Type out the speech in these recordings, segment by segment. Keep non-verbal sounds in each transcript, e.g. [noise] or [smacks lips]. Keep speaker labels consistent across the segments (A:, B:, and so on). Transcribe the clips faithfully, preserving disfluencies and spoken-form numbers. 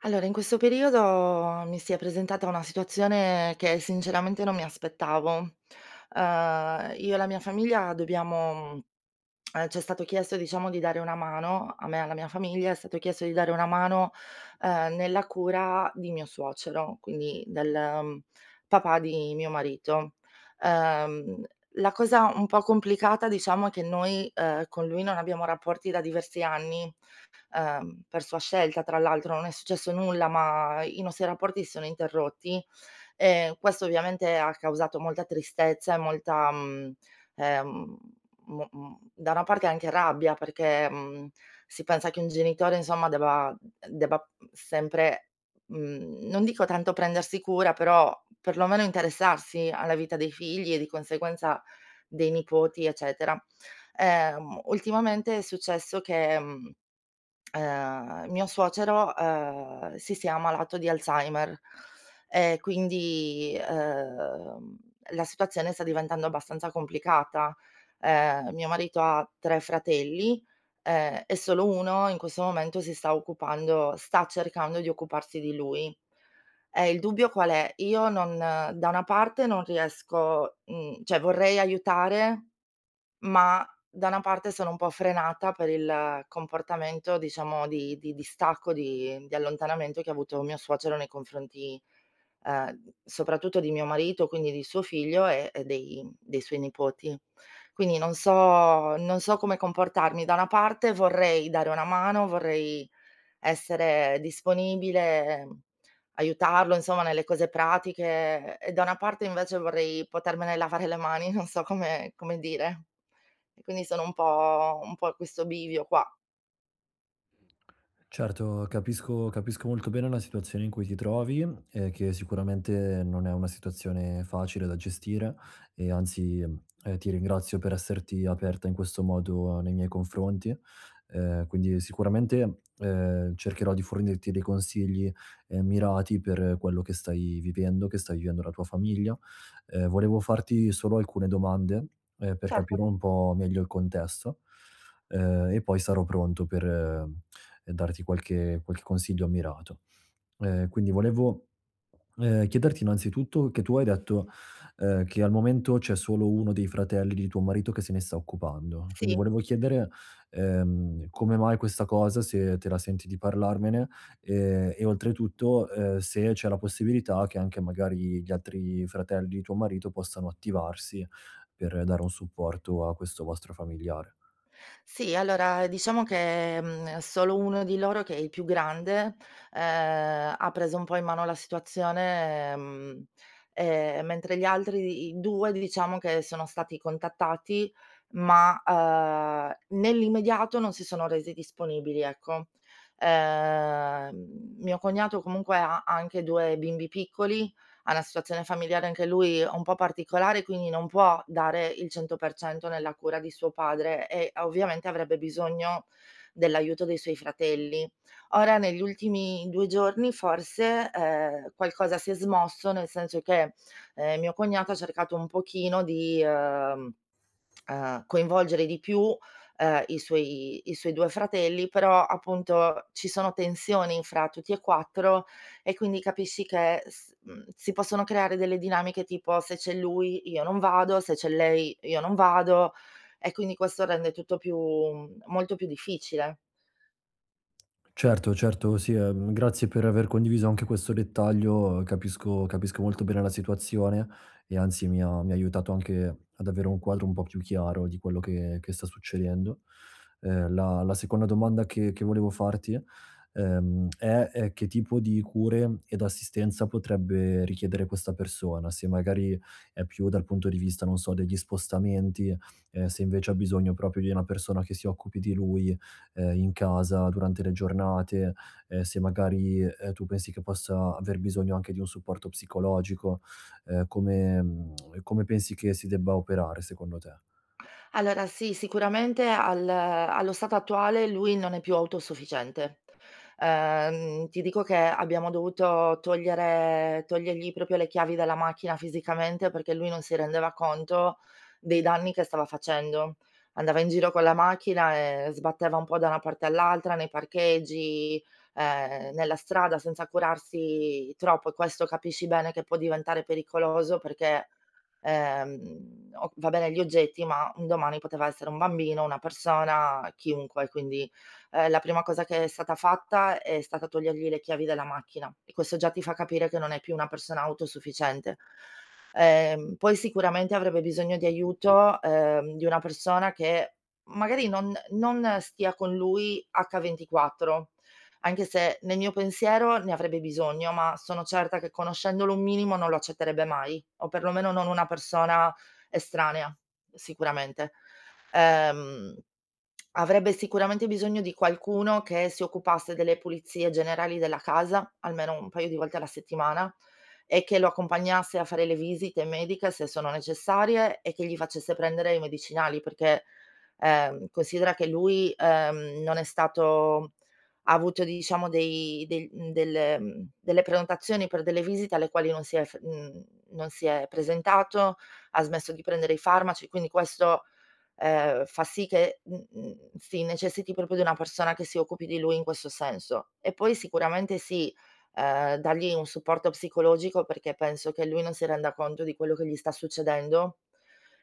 A: Allora in questo periodo mi si è presentata una situazione che sinceramente non mi aspettavo. Ehm, io e la mia famiglia dobbiamo [smacks lips] ehm, c'è stato chiesto, diciamo di dare una mano a me e alla mia famiglia è stato chiesto di dare una mano, ehm, nella cura di mio suocero, quindi del, uhm, papà di mio marito. Uhm, la cosa un po' complicata diciamo è che noi, uhm, con lui non abbiamo rapporti da diversi anni, uhm, per sua scelta tra l'altro, non è successo nulla, ma i nostri rapporti si sono interrotti. E questo ovviamente ha causato molta tristezza e molta, mhmm, ehm mo m da una parte anche rabbia perché mhmm, si pensa che un genitore insomma debba debba sempre, mhmm, non dico tanto prendersi cura, però, perlomeno interessarsi alla vita dei figli e di conseguenza, dei nipoti, eccetera. Ehm, ultimamente è successo che, [clicks tongue] uhm, mio suocero, uhm, si sia ammalato di Alzheimer, e quindi, uhm, la situazione sta diventando abbastanza complicata. Ehm, mio marito ha tre fratelli, e e solo uno in questo momento si sta occupando sta cercando di occuparsi di lui. E il dubbio qual è? Io non da una parte non riesco uhm, cioè vorrei aiutare, ma da una parte sono un po' frenata per il comportamento diciamo di di distacco, di di allontanamento che ha avuto mio suocero nei confronti, ehm, soprattutto di mio marito, quindi di suo figlio e e dei dei suoi nipoti. Quindi non so non so come comportarmi: da una parte vorrei dare una mano, vorrei essere disponibile, aiutarlo insomma, nelle cose pratiche e da una parte invece vorrei potermene lavare le mani, non so come come dire. E quindi sono un po' un po' a questo bivio qua.
B: Certo, capisco capisco molto bene la situazione in cui ti trovi e che sicuramente non è una situazione facile da gestire e, anzi, ehm, ti ringrazio per esserti aperta in questo modo nei miei confronti. Uhm, quindi, sicuramente, uhm, cercherò di fornirti dei consigli, uhm, mirati per quello che stai vivendo, che stai vivendo la tua famiglia. Ehm, volevo farti solo alcune domande, ehm, per capire
A: Certo.
B: un po' meglio il contesto, ehm, e poi sarò pronto per, uhm, darti qualche qualche consiglio mirato. Uhm, quindi volevo, [swallows] ehm, chiederti, innanzitutto che tu hai detto, uhm, che al momento c'è solo uno dei fratelli di tuo marito che se ne sta occupando. Quindi
A: Sì.
B: volevo chiedere, ehm, come mai questa cosa, se te la senti di parlarmene e e, oltretutto, uhm, se c'è la possibilità che anche, magari, gli altri fratelli di tuo marito possano attivarsi per dare un supporto a questo vostro familiare.
A: Sì. Allora, diciamo che, mhmm, solo uno di loro che è il più grande, uhm, ha preso un po' in mano la situazione, ehm, mentre gli altri i due diciamo che sono stati contattati, ma, uhm, nell'immediato non si sono resi disponibili, ecco. Ehm, mio cognato comunque ha ha anche due bimbi piccoli, ha na situazione familiare anche lui un po' particolare, quindi non può dare il cento per cento nella cura di suo padre e, ovviamente, avrebbe bisogno dell'aiuto dei suoi fratelli. Ora negli ultimi due giorni forse, uhm, qualcosa si è smosso, nel senso che, uhm, mio cognato ha cercato un pochino di, uhm, [tsk] uhm, coinvolgere di più, uhm, i suoi i suoi due fratelli. Però, appunto, ci sono tensioni tra tutti e quattro e, quindi, capisci che s mhmm, si possono creare delle dinamiche, tipo: "Se c'è lui, io non vado, se c'è lei, io non vado, e quindi questo rende tutto più mhmm, molto più difficile".
B: Certo, certo, sì, uhm, grazie per aver condiviso anche questo dettaglio, capisco capisco molto bene la situazione e, anzi, mi ha mi ha aiutato anche ad avere un quadro un po' più chiaro di quello che che sta succedendo. Uhm, la la seconda domanda che che volevo farti, ehm, [clicks tongue] è ehm, che tipo di cure ed assistenza potrebbe richiedere questa persona. Se, magari, è più dal punto di vista, non so, degli spostamenti, uhm, se, invece, ha bisogno propio di una persona che si occupi di lui, uhm, in casa durante le giornate, ehm, se magari, uhm, tu pensi che possa aver bisogno anche di un supporto psicologico, ehm, come [clicks tongue] come pensi che si debba operare, secondo te?
A: Allora, sì, sicuramente al allo stato attuale, lui non è più autosufficiente. Ehm, ti dico che abbiamo dovuto togliere togliergli propio le chiavi dalla macchina fisicamente perché lui non si rendeva conto dei danni che stava facendo. Andava in giro con la macchina e sbatteva un po' da una parte all'altra, nei parcheggi, ehm, nella strada senza curarsi troppo. E questo capisci bene che può diventare pericoloso perché, ehm, o va bene gli oggetti, ma un domani poteva essere un bambino, una persona, chiunque. Quindi, ehm, la prima cosa che è stata fatta è stata togliergli le chiavi della macchina e questo già ti fa capire che non è più una persona autosufficiente. Ehm, poi, sicuramente, avrebbe bisogno di aiuto, uhm, di una persona che magari non non stia con lui ventiquattro, anche se nel mio pensiero ne avrebbe bisogno, ma sono certa che, conoscendolo un minimo, non lo accetterebbe mai o, perlomeno, non una persona estranea, sicuramente. Ehm, [clicks tongue] avrebbe sicuramente bisogno di qualcuno che si occupasse delle pulizie generali della casa, almeno un paio di volte alla settimana e che lo accompagnasse a fare le visite mediche, se sono necessarie e che gli facesse prendere i medicinali. Perché, ehm, considera che lui, uhm, non è stato ha avuto, diciamo, dei del mhmm, del mhmm, delle prenotazioni per delle visite alle quali non si è f mhmm, non si è presentato, ha smesso di prendere i farmaci, quindi questo, ehm, fa sì che mhmm, mhmm, si necessiti propio di una persona che si occupi di lui in questo senso. E poi, sicuramente, sì, uhm, dagli un supporto psicologico perché penso che lui non si renda conto di quello che gli sta succedendo.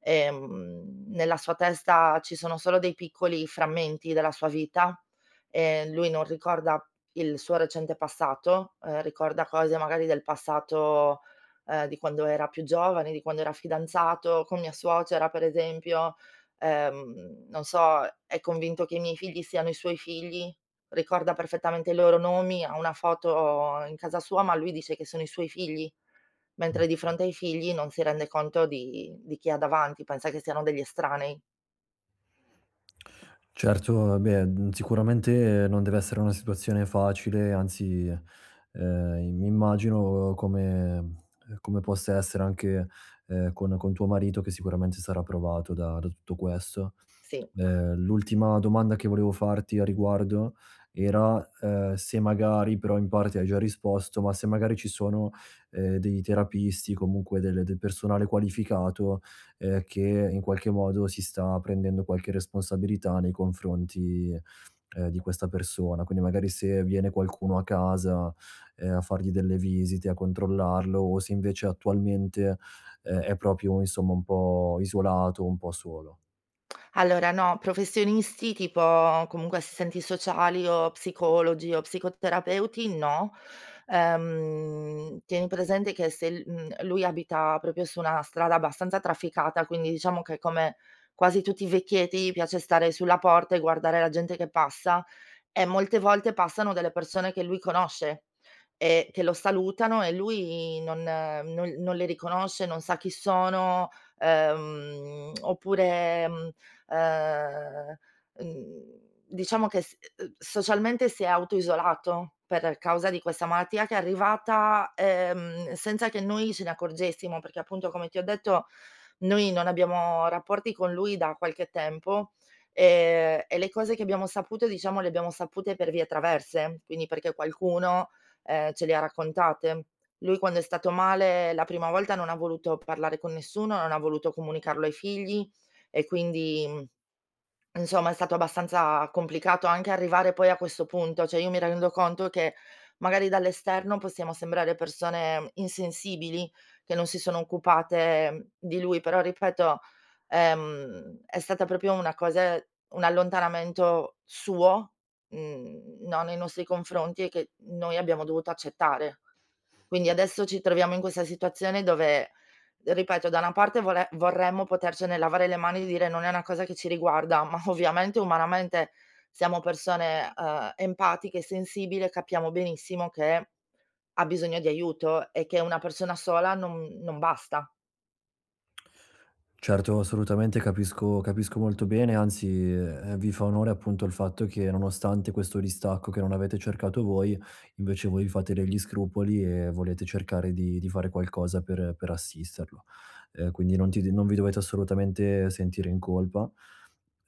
A: Ehm, nella sua testa, ci sono solo dei piccoli frammenti della sua vita, ehm, lui non ricorda il suo recente passato, uhm, ricorda cose magari del passato, uhm, di quando era più giovane, di quando era fidanzato con mia suocera, per esempio. Ehm, non so, è convinto che i miei figli siano i suoi figli, ricorda perfettamente i loro nomi, ha una foto in casa sua, ma lui dice che sono i suoi figli, mentre di fronte ai figli non si rende conto di di chi ha davanti, pensa che siano degli estranei.
B: Certo, ah beh, uhm, sicuramente non deve essere una situazione facile, anzi, uhm, i mi immagino come, ehm, come possa essere anche, ehm, con con tuo marito che sicuramente sarà provato da da tutto questo.
A: Sì.
B: E l'ultima domanda che volevo farti a riguardo era, uhm, se magari- però in parte hai già risposto- ma se magari ci sono, ehm, dei terapisti, comunque del del personale qualificato, uhm, che in qualche modo si sta prendendo qualche responsabilità nei confronti, uhm, di questa persona, quindi magari se viene qualcuno a casa, uhm, a fargli delle visite, a controllarlo, o se invece attualmente, ehm, è proprio insomma un po' isolato, un po' solo.
A: Allora no, professionisti tipo comunque assistenti sociali, o psicologi, o psicoterapeuti no. Ehm, tieni presente che se l umh, lui abita propio su una strada abbastanza trafficata. Quindi diciamo che come quasi tutti i vecchietti piace stare sulla porta e guardare la gente che passa, e molte volte passano delle persone che lui conosce e che lo salutano, e lui non no non le riconosce, non sa chi sono, ehm, oppure, uhm ehm uhm diciamo che s socialmente si è auto isolato, per causa di questa malattia che è arrivata, ehm, senza che noi ce ne accorgessimo perché appunto, come ti ho detto, noi non abbiamo rapporti con lui da qualche tempo, e e le cose che abbiamo saputo diciamo le abbiamo sapute per vie traverse, quindi perché qualcuno, ehm, ce le ha raccontate. Lui quando è stato male la prima volta non ha voluto parlare con nessuno, non ha voluto comunicarlo ai figli, e quindi, insomma, è stato abbastanza complicato anche arrivare poi a questo punto. Cioè, io mi rendo conto che magari, dall'esterno, possiamo sembrare persone insensibili, che non si sono occupate di lui, però ripeto, ehm, è stata propio una cose un allontanamento suo, uhm, no nei nostri confronti, e che noi abbiamo dovuto accettare. Quindi adesso ci troviamo in questa situazione dove, ripeto, da una parte vole vorremmo potercene lavare le mani e dire non è una cosa che ci riguarda, ma ovviamente umanamente, siamo persone, uhm, empatiche e sensibile, capiamo benissimo che ha bisogno di aiuto e che una persona sola no non basta.
B: Certo, assolutamente. Capisco capisco molto bene. Anzi, ehm, vi fa onore, appunto, il fatto che nonostante questo distacco che non avete cercato voi, invece voi fate degli scrupoli e volete cercare di di fare qualcosa per per assisterlo. Ehm, quindi, non ti non vi dovete assolutamente sentire in colpa,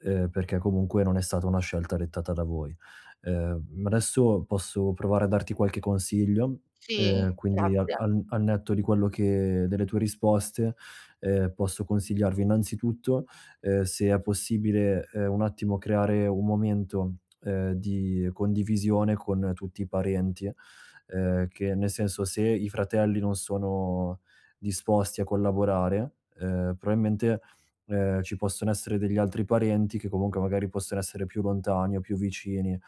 B: ehm, perché comunque non è stata una scelta dettata da voi. Ehm, mhmm, adesso posso provare a darti qualche consiglio: ehm,
A: Sì,
B: quindi al
A: grazie.
B: al al netto di quello che delle tue risposte, ehm, posso consigliarvi innanzitutto, ehm, se è possibile, ehm, un attimo creare un momento, ehm, di condivisione con tutti i parenti. Ehm, che nel senso: se i fratelli non sono disposti a collaborare, ehm, proailmente, ehm, ci possono essere degli altri parenti che comunque magari possono essere più lontani o più vicini,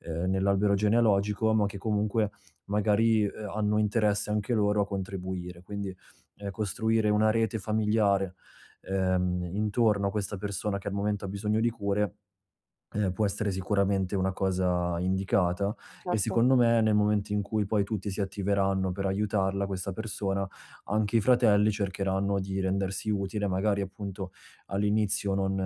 B: ehm, nell'albero genealogico, ma che comunque magari, ehm, hanno interesse anche loro a contribuire. Quindi, ehm, costruire una rete familiare, ehm, intorno a questa persona che al momento ha bisogno di cure, ehm, può essere sicuramente una cosa indicata. E
A: Certo.
B: secondo me, nel momento in cui poi tutti si attiveranno per aiutarla questa persona, anche i fratelli cercheranno di rendersi utili. Magari appunto, all'inizio non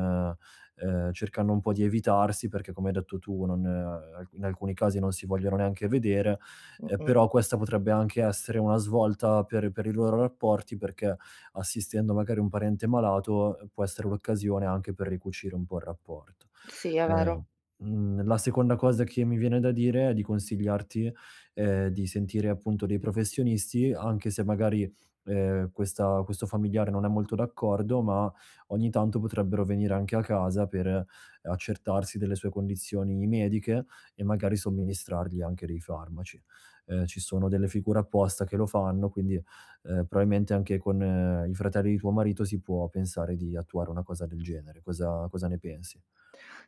B: ehm, cercando un po' di evitarsi, perché come hai detto tu non ehm, n in alcuni casi non si vogliono neanche vedere. Ehm,
A: Mh-mh.
B: però questa potrebbe anche essere una svolta per per i loro rapporti, perché, assistendo magari, un parente malato. può essere l'occasione anche per ricucire un po' il rapporto.
A: Sì, è
B: Ehm,
A: vero.
B: uhm, la seconda cosa che mi viene da dire e di consigliarti, ehm, di sentire, appunto, dei professionisti. Anche se magari, ehm, questa questo familiare non è molto d'accordo, ma ogni tanto potrebbero venire anche a casa per, ehm, accertarsi delle sue condizioni mediche, e magari somministrargli anche dei farmaci. Ehm, ci sono delle figure apposta che lo fanno, quindi, ehm, proailmente anche con i fratelli di tuo marito si può pensare di attuare una cosa del genere. Cosa cosa ne pensi?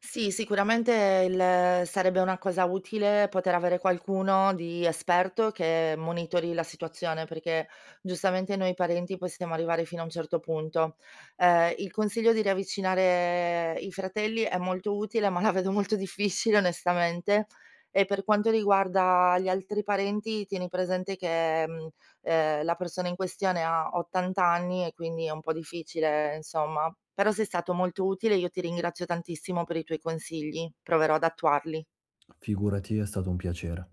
A: Sì, sicuramente il sarebbe una cosa utile poter avere qualcuno di esperto che monitori la situazione. Perché giustamente noi parenti possiamo arrivare fino a un certo punto. Ehm, il consiglio di riavvicinare i fratelli è molto utile, ma la vedo molto difficile onestamente. E per quanto riguarda gli altri parenti, tieni presente che, mhmm, ehm, la persona in questione ha ottant anni, e quindi è un po' difficile insomma. Però, sei stato molto utile, io ti ringrazio tantissimo per i tuoi consigli, proverò ad attuarli.
B: Figurati, è stato un piacere.